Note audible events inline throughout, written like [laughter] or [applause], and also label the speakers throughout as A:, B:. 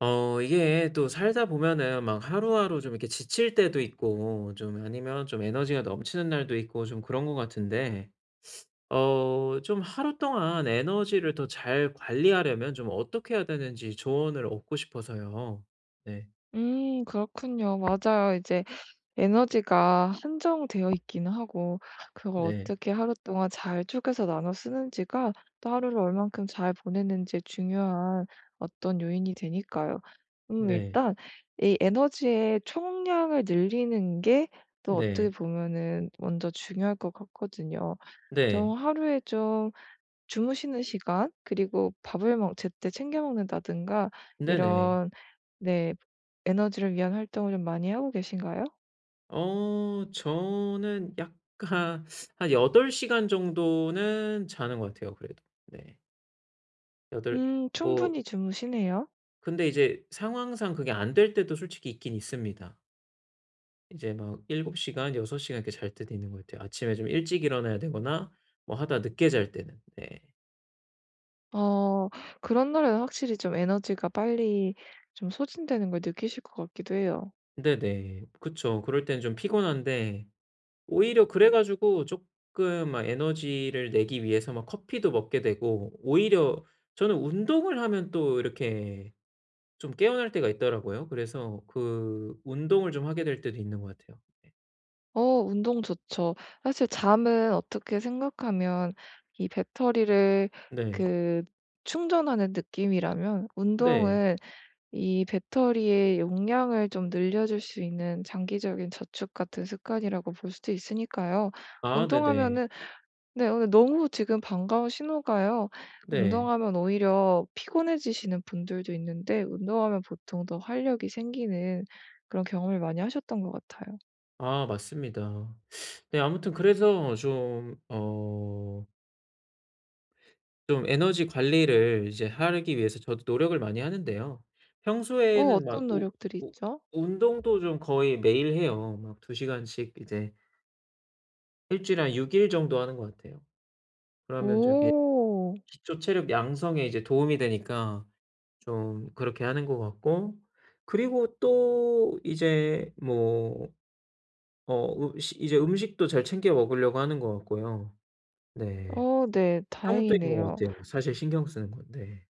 A: 어 이게 또 살다 보면은 막 하루하루 좀 이렇게 지칠 때도 있고, 좀 아니면 좀 에너지가 넘치는 날도 있고 좀 그런 것 같은데 어 좀 하루 동안 에너지를 더 잘 관리하려면 좀 어떻게 해야 되는지 조언을 얻고 싶어서요. 네.
B: 음, 그렇군요. 맞아요. 이제 에너지가 한정되어 있기는 하고 그걸
A: 네.
B: 어떻게 하루 동안 잘 쪼개서 나눠 쓰는지가 또 하루를 얼만큼 잘 보내는지 중요한 어떤 요인이 되니까요. 음
A: 네.
B: 일단 이 에너지의 총량을 늘리는 게 또 어떻게
A: 네.
B: 보면은 먼저 중요할 것 같거든요.
A: 네.
B: 좀 하루에 좀 주무시는 시간 그리고 밥을 뭐 제때 챙겨 먹는다든가
A: 네네.
B: 이런 네 에너지를 위한 활동을 많이 하고 계신가요?
A: 어 저는 약간 한 8 시간 정도는 자는 것 같아요, 그래도. 예. 8,
B: 음,
A: 뭐
B: 충분히 주무시네요.
A: 근데 이제 상황상 그게 안 될 때도 솔직히 있긴 있습니다. 이제 막 7시간, 6시간 이렇게 잘 때도 있는 것 같아요. 아침에 좀 일찍 일어나야 되거나 뭐 하다 늦게 잘 때는. 네.
B: 어, 그런 날에는 확실히 좀 에너지가 빨리 좀 소진되는 걸 느끼실 것 같기도 해요.
A: 네네. 그쵸. 그럴 때는 좀 피곤한데 오히려 그래 가지고 쪼끔 막 에너지를 내기 위해서 막 커피도 먹게 되고 오히려 저는 운동을 하면 또 이렇게 좀 깨어날 때가 있더라고요. 그래서 그 운동을 좀 하게 될 때도 있는 것 같아요. 네.
B: 어 운동 좋죠. 사실 잠은 어떻게 생각하면 이 배터리를
A: 네.
B: 그 충전하는 느낌이라면
A: 네.
B: 운동은 이 배터리의 용량을 좀 늘려줄 수 있는 장기적인 저축 같은 습관이라고 볼 수도 있으니까요.
A: 아 네네.
B: 운동하면은 네 오늘 너무 지금 반가운 신호가요.
A: 네.
B: 운동하면 오히려 피곤해지시는 분들도 있는데 운동하면 보통 더 활력이 생기는 그런 경험을 많이 하셨던 것 같아요.
A: 아 맞습니다. 네 아무튼 그래서 좀 어 좀 에너지 관리를 이제 하기 위해서 저도 노력을 많이 하는데요.
B: 어
A: 평소에는 막
B: 어떤
A: 우
B: 노력들이
A: 우
B: 있죠?
A: 운동도 좀 거의 매일 해요. 막 2 시간씩 이제 1 주일에 한 6 일 정도 하는 것 같아요. 그러면 저기
B: 오.
A: 기초 체력 양성에 이제 도움이 되니까 좀 그렇게 하는 것 같고 그리고 또 이제 뭐 뭐 으 식 이제 음식도 잘 챙겨 먹으려고 하는 것 같고요. 네.
B: 어 네.
A: [unintelligible] 것
B: 다행이네요.
A: 같아요. 사실 신경 쓰는 건데.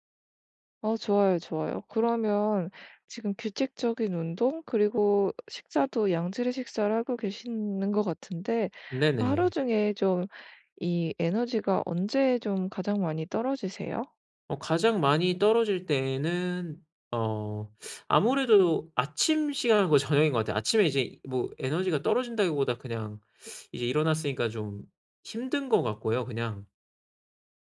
B: 어 좋아요, 좋아요. 그러면 지금 규칙적인 운동 그리고 식사도 양질의 식사를 하고 계시는 것 같은데 하루
A: 네네.
B: 중에 좀 이 에너지가 언제 좀 가장 많이 떨어지세요?
A: 어 가장 많이 떨어질 때는 어 아무래도 아침 시간 거의 저녁인 것 같아요. 아침에 이제 뭐 에너지가 떨어진다기보다 그냥 이제 일어났으니까 좀 힘든 것 같고요 그냥.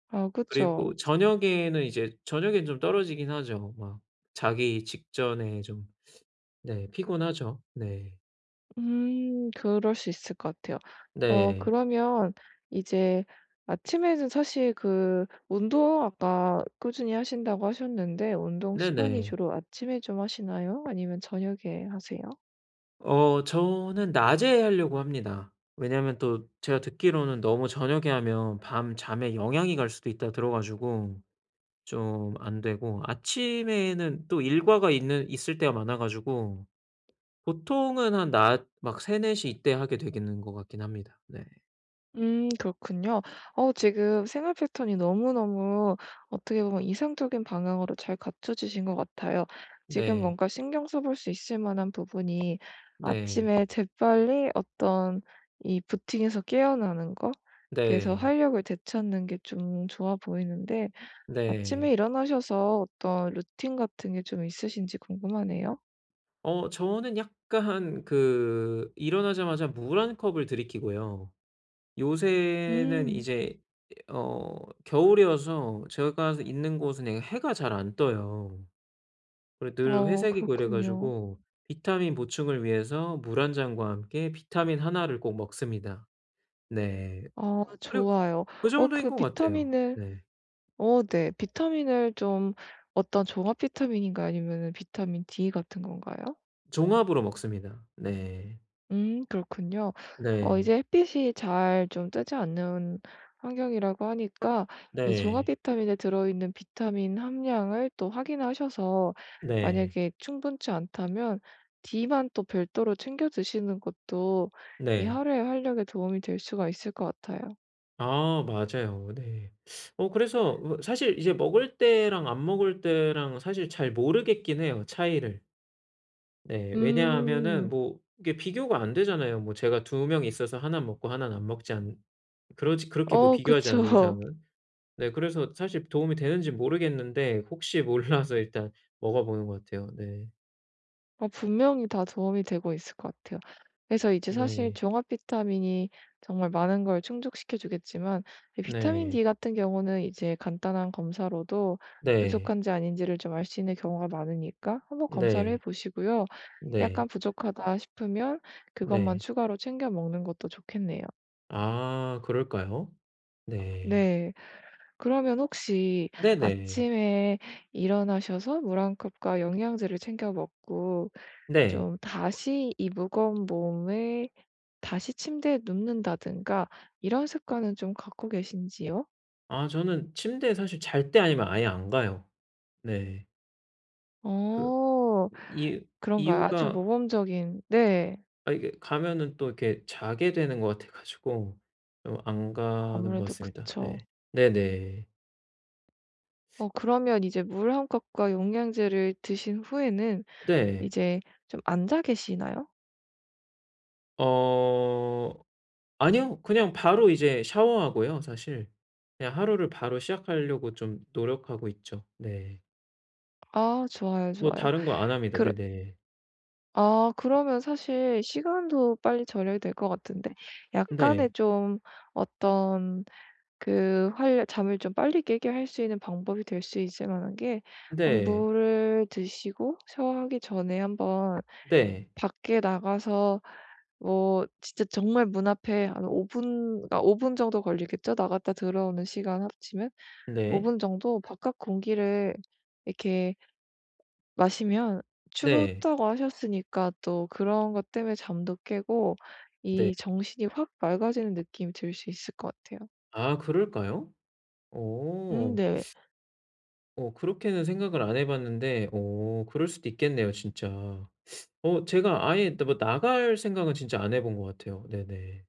B: 아
A: 그리고
B: 그쵸.
A: 저녁에는 이제 저녁에는 좀 떨어지긴 하죠. 막 자기 직전에 좀 네 피곤하죠. 네.
B: 음 그럴 수 있을 것 같아요. 어
A: 네.
B: 그러면 이제 아침에는 사실 그 운동 아까 꾸준히 하신다고 하셨는데 운동 시간이
A: 네네.
B: 주로 아침에 좀 하시나요? 아니면 저녁에 하세요?
A: 어 저는 낮에 하려고 합니다. 왜냐면 또 제가 듣기로는 너무 저녁에 하면 밤잠에 영향이 갈 수도 있다고 들어 가지고 좀 안 되고, 아침에는 또 일과가 있는 있을 때가 많아 가지고 보통은 한 낮 막 3-4 시 이때 하게 되는 것 같긴 합니다. 네.
B: 음 그렇군요. 어 지금 생활 패턴이 너무너무 어떻게 보면 이상적인 방향으로 잘 갖춰지신 것 같아요. 지금
A: 네.
B: 뭔가 신경 써 볼 수 있을 만한 부분이
A: 네.
B: 아침에 재빨리 어떤 이 부팅에서 깨어나는 것 그래서
A: 네.
B: 활력을 되찾는 게 좀 좋아 보이는데, 아침에
A: 네.
B: 일어나셔서 어떤 루틴 같은 게 좀 있으신지 궁금하네요.
A: 어 저는 약간 그 일어나자마자 물 1 컵을 들이키고요. 요새는
B: 음.
A: 이제 어 겨울이어서 제가 있는 곳은 네 해가 잘 안 떠요. 그리고 늘
B: 아
A: 회색이고 이래
B: 그렇군요.
A: 가지고 비타민 보충을 위해서 물 1 잔과 함께 비타민 하나를 꼭 먹습니다. 네.
B: 아
A: 그리고
B: 좋아요.
A: 그
B: 어
A: 정도인
B: 그
A: 것 같아요.
B: 비타민을
A: 네.
B: 어 네. 비타민을 좀 어떤 종합 비타민인가요? 아니면 비타민 D 같은 건가요?
A: 종합으로 먹습니다. 네.
B: 음 그렇군요. 어
A: 네.
B: 이제 햇빛이 잘 좀 뜨지 않는 환경이라고 하니까 이 종합
A: 네.
B: 비타민에 들어있는 비타민 함량을 또 확인하셔서
A: 네.
B: 만약에 충분치 않다면 D만 또 별도로 챙겨 드시는 것도 이
A: 네.
B: 하루의 활력에 도움이 될 수가 있을 것 같아요.
A: 아 맞아요. 네. 어 그래서 사실 이제 먹을 때랑 안 먹을 때랑 사실 잘 모르겠긴 해요. 차이를. 네. 왜냐하면은
B: 음.
A: 뭐 이게 비교가 안 되잖아요. 뭐 제가 2 명이 있어서 하나는 먹고 하나는 안 먹지 않 그렇지 그렇게 뭐
B: 어
A: 비교하지 않는
B: 그쵸.
A: 이상은. 네, 그래서 사실 도움이 되는지 모르겠는데 혹시 몰라서 일단 먹어 보는 것 같아요. 네.
B: 어 분명히 다 도움이 되고 있을 것 같아요. 그래서 이제 사실
A: 네.
B: 종합 비타민이 정말 많은 걸 충족시켜 주겠지만 이 비타민
A: 네.
B: D 같은 경우는 이제 간단한 검사로도
A: 네.
B: 부족한지 아닌지를 좀 알 수 있는 경우가 많으니까 한번 검사를
A: 네.
B: 해보시고요. 약간
A: 네.
B: 부족하다 싶으면 그것만
A: 네.
B: 추가로 챙겨 먹는 것도 좋겠네요.
A: 아 그럴까요? 네.
B: 네. 그러면 혹시
A: 네네.
B: 아침에 일어나셔서 물 1 컵과 영양제를 챙겨 먹고
A: 네.
B: 좀 다시 이 무거운 몸을 다시 침대에 눕는다든가 이런 습관을 좀 갖고 계신지요?
A: 아 저는 침대에 사실 잘 때 아니면 아예 안 가요. 네. 그
B: 어
A: 이
B: 그런가요? 아주
A: 이유가
B: 모범적인 네.
A: 아 이게 가면은 또 이렇게 자게 되는 것 같아 가지고 좀 안 가는 것
B: 아무래도
A: 같습니다.
B: 그쵸.
A: 네. 네네.
B: 어 그러면 이제 물 1 컵과 영양제를 드신 후에는
A: 네.
B: 이제 좀 앉아 계시나요?
A: 어 아니요. 그냥 바로 이제 샤워하고요 사실. 그냥 하루를 바로 시작하려고 좀 노력하고 있죠. 네.
B: 아 좋아요,
A: 뭐
B: 좋아요.
A: 다른 거 안 합니다.
B: 그
A: 네네.
B: 아 그러면 사실 시간도 빨리 절약이 될 것 같은데 약간의
A: 네.
B: 좀 어떤 그 활 잠을 좀 빨리 깨게 할 수 있는 방법이 될 수 있을 만한 게 막
A: 네.
B: 물을 드시고 샤워하기 전에 한번
A: 네.
B: 밖에 나가서 뭐 진짜 정말 문 앞에 한 5 분 그러니까 5 분 정도 걸리겠죠? 나갔다 들어오는 시간 합치면. 5
A: 네.
B: 분 정도 바깥 공기를 이렇게 마시면
A: 네.
B: 춥다고 하셨으니까 또 그런 것 땜에 잠도 깨고
A: 네.
B: 이 정신이 확 맑아지는 느낌이 들 수 있을 것 같아요.
A: 아 그럴까요?
B: 음
A: 어.
B: 네.
A: 어 그렇게는 생각을 안 해 봤는데 어 그럴 수도 있겠네요. 진짜. [sucks teeth] 어 제가 아예 또 뭐 나갈 생각은 진짜 안 해 본 것 같아요. 네네.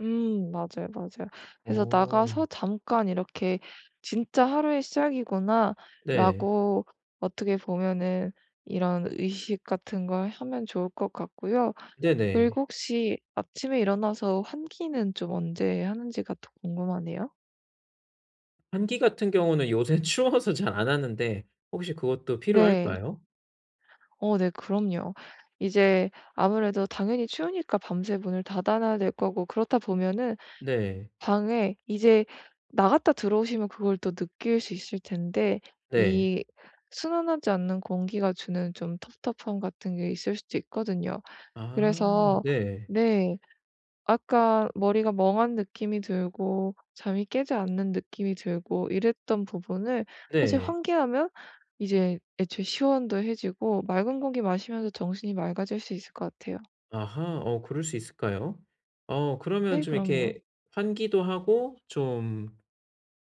B: 음 맞아요, 맞아요. 그래서
A: 어.
B: 나가서 잠깐 이렇게 '진짜 하루의
A: 네.
B: 시작이구나.'라고 어떻게 보면은 이런 의식 같은 걸 하면 좋을 것 같고요.
A: 네네.
B: 그리고 혹시 아침에 일어나서 환기는 좀 언제 하는지가 더 궁금하네요.
A: 환기 같은 경우는 요새 추워서 잘 안 하는데 혹시 그것도
B: 네.
A: 필요할까요?
B: 어 네, 그럼요. 이제 아무래도 당연히 추우니까 밤새 문을 닫아 놔야 될 거고 그렇다 보면은
A: 네.
B: 방에 이제 나갔다 들어오시면 그걸 또 느낄 수 있을 텐데
A: 네.
B: 이 순환하지 않는 공기가 주는 좀 텁텁함 같은 게 있을 수도 있거든요.
A: 아
B: 그래서
A: 네.
B: 네. 아까 머리가 멍한 느낌이 들고 잠이 깨지 않는 느낌이 들고 이랬던 부분을 사실
A: 네.
B: 환기하면 이제 애초에 시원도 해지고 맑은 공기 마시면서 정신이 맑아질 수 있을 것 같아요.
A: 아하 어 그럴 수 있을까요? 어 그러면
B: 네
A: 좀
B: 그럼요.
A: 이렇게 환기도 하고 좀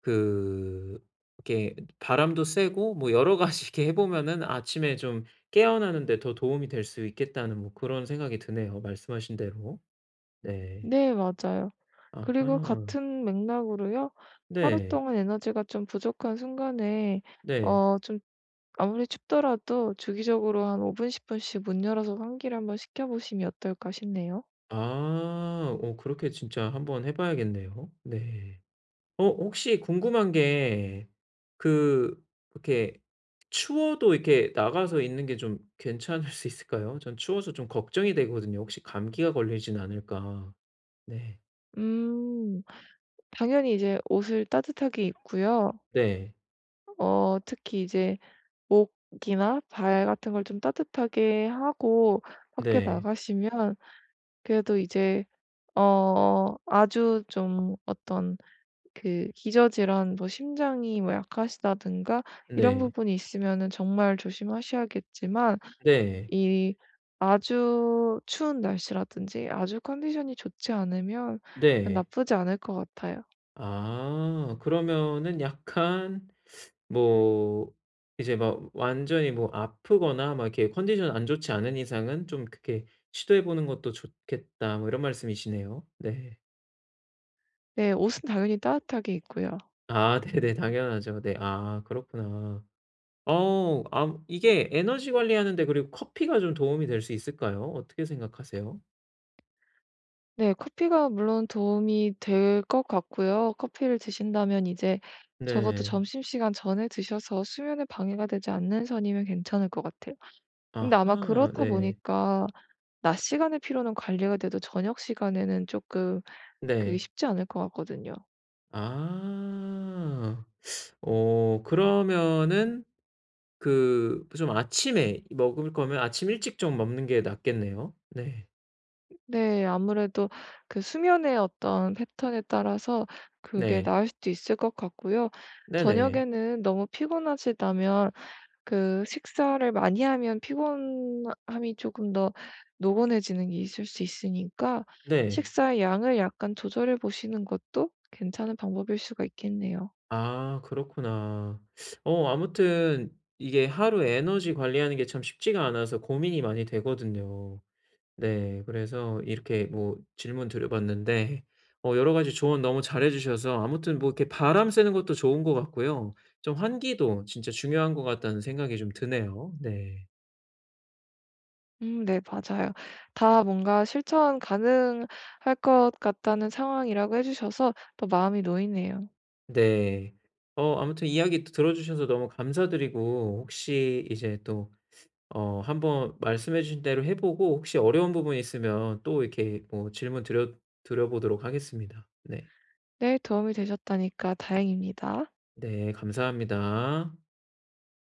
A: 그 이렇게 바람도 쐬고 뭐 여러 가지 이렇게 해 보면은 아침에 좀 깨어나는데 더 도움이 될 수 있겠다는 뭐 그런 생각이 드네요, 말씀하신 대로. 네.
B: 네 맞아요. 그리고
A: 아하.
B: 같은 맥락으로요. 하루
A: 네.
B: 동안 에너지가 좀 부족한 순간에
A: 네.
B: 어 좀 아무리 춥더라도 주기적으로 한 5 분 10 분씩 문 열어서 환기를 한 번 시켜보시면 어떨까 싶네요.
A: 아. 어 그렇게 진짜 한번 해 봐야겠네요. 네. 어 혹시 궁금한 게 그 이렇게 추워도 이렇게 나가서 있는 게 좀 괜찮을 수 있을까요? 저는 추워서 좀 걱정이 되거든요, 혹시 감기가 걸리진 않을까. 네.
B: 음 당연히 이제 옷을 따뜻하게 입고요.
A: 네.
B: 어 특히 이제 목이나 발 같은 걸 좀 따뜻하게 하고 밖에
A: 네.
B: 나가시면 그래도 이제 어 아주 좀 어떤 그 기저질환 뭐 심장이 뭐 약하시다든가 이런
A: 네.
B: 부분이 있으면은 정말 조심하셔야겠지만
A: 네.
B: 이 아주 추운 날씨라든지 아주 컨디션이 좋지 않으면
A: 네.
B: 나쁘지 않을 것 같아요.
A: 아 그러면은 약간 뭐 이제 막 완전히 뭐 "아프거나 막 이렇게 컨디션 안 좋지 않은 이상은 좀 그렇게 시도해 보는 것도 좋겠다." 뭐 이런 말씀이시네요. 네.
B: 네. 옷은 당연히 따듯하게 입고요.
A: 아 네네. 당연하죠. 그 네. 아 그렇구나. 어우 암 이게 에너지 관리하는데 그리고 커피가 좀 도움이 될 수 있을까요? 어떻게 생각하세요?
B: 네. 커피가 물론 도움이 될 것 같고요. 커피를 드신다면 이제 적어도
A: 네.
B: 점심시간 전에 드셔서 수면에 방해가 되지 않는 선이면 괜찮을 것 같아요. 근데 아마
A: 아하
B: 그렇다
A: 네.
B: 보니까 낮 시간에 피로는 관리가 돼도 저녁 시간에는 쪼끔 그게
A: 네.
B: 쉽지 않을 것 같거든요.
A: 아, 어 그러면은 그 그 좀 아침에 먹을 거면 아침 일찍 좀 먹는 게 낫겠네요, 네.
B: 네 아무래도 그 수면의 어떤 패턴에 따라서 그게
A: 네.
B: 나을 수도 있을 것 같고요.
A: 네네.
B: 저녁에는 너무 피곤하시다면 그 식사를 많이 하면 피곤함이 조금 더 노곤해지는 게 있을 수 있으니까
A: 네.
B: 식사의 양을 약간 조절해 보시는 것도 괜찮은 방법일 수가 있겠네요.
A: 아, 그렇구나. 어 아무튼 이게 하루 에너지 관리하는 게 참 쉽지가 않아서 고민이 많이 되거든요. 네, 그래서 이렇게 뭐 질문드려 봤는데 어 여러 가지 조언 너무 잘해 주셔서 아무튼 뭐 이렇게 바람 쐬는 것도 좋은 것 같고요. 좀 환기도 진짜 중요한 것 같다는 생각이 좀 드네요. 네.
B: 음 네, 맞아요. 다 뭔가 실천 가능할 것 같다는 상황이라고 해주셔서 더 마음이 놓이네요.
A: 네. 어 아무튼 이야기 들어주셔서 너무 감사드리고 혹시 이제 또 어 한번 말씀해 주신 대로 해 보고 혹시 어려운 부분이 있으면 또 이렇게 뭐 질문드려 드려 보도록 하겠습니다. 네.
B: 네, 도움이 되셨다니까 다행입니다.
A: 네, 감사합니다.